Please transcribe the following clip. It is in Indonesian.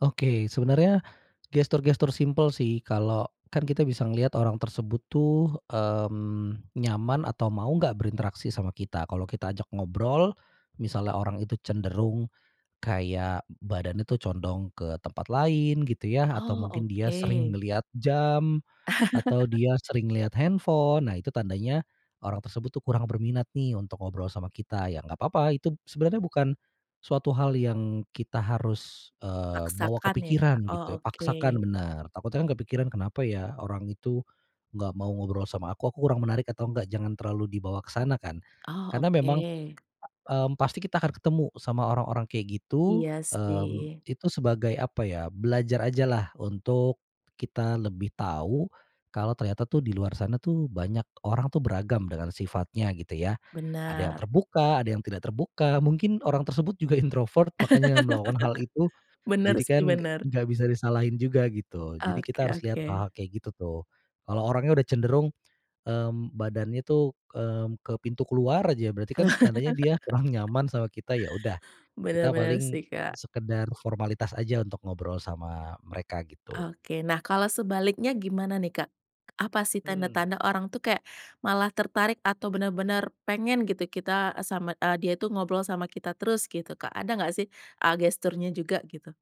Oke, sebenernya gestur-gestur simpel sih kalau kan kita bisa ngeliat orang tersebut tuh, mmm, nyaman atau mau gak berinteraksi sama kita, kalau kita ajak ngobrol, misalnya orang itu cenderung, kayak badannya tuh condong ke tempat lain gitu ya, atau Oh, mungkin dia sering oke. ngelihat jam, atau dia sering ngelihat handphone. Nah itu tandanya orang tersebut tuh kurang berminat nih untuk ngobrol sama kita, ya gak papa, itu sebenarnya bukan suatu hal yang kita harus, eee, bawa ke Paksakan ya pikiran Kak, oh gitu, oke paksakan, benar, takutnya kan kepikiran, "Kenapa ya orang itu nggak mau ngobrol sama aku? Aku kurang menarik atau enggak?" Jangan terlalu dibawa ke sana kan, Oh, karena memang, oke. mmm, pasti kita akan ketemu sama orang-orang kayak gitu, Iya mmm, sih. itu sebagai apa ya, belajar aja lah untuk kita lebih tahu, kalau ternyata tuh di luar sana tuh banyak orang tuh beragam dengan sifatnya gitu ya. Ada yang Benar. terbuka, ada yang tidak terbuka, mungkin orang tersebut juga introvert, makanya melakukan hal itu. Benar Jadi sih kan g benar. gak bisa disalahin juga gitu. Jadi Oke kita harus lihat oke. hal-hal kayak gitu tuh. Kalau orangnya udah cenderung, mmm, badannya tuh, mmm, ke pintu keluar aja berarti kan tandanya dia kurang nyaman sama kita ya udah Bener kita bener paling sih, Kak. sekedar formalitas aja untuk ngobrol sama mereka gitu. Oke. Nah, kalau sebaliknya gimana nih Kak? Apa sih Hmm. tanda-tanda orang tuh kayak malah tertarik atau bener-bener pengen gitu kita eee, sama eee, dia itu ngobrol sama kita terus gitu Kak, ada gak sih, eee, gesturnya juga gitu?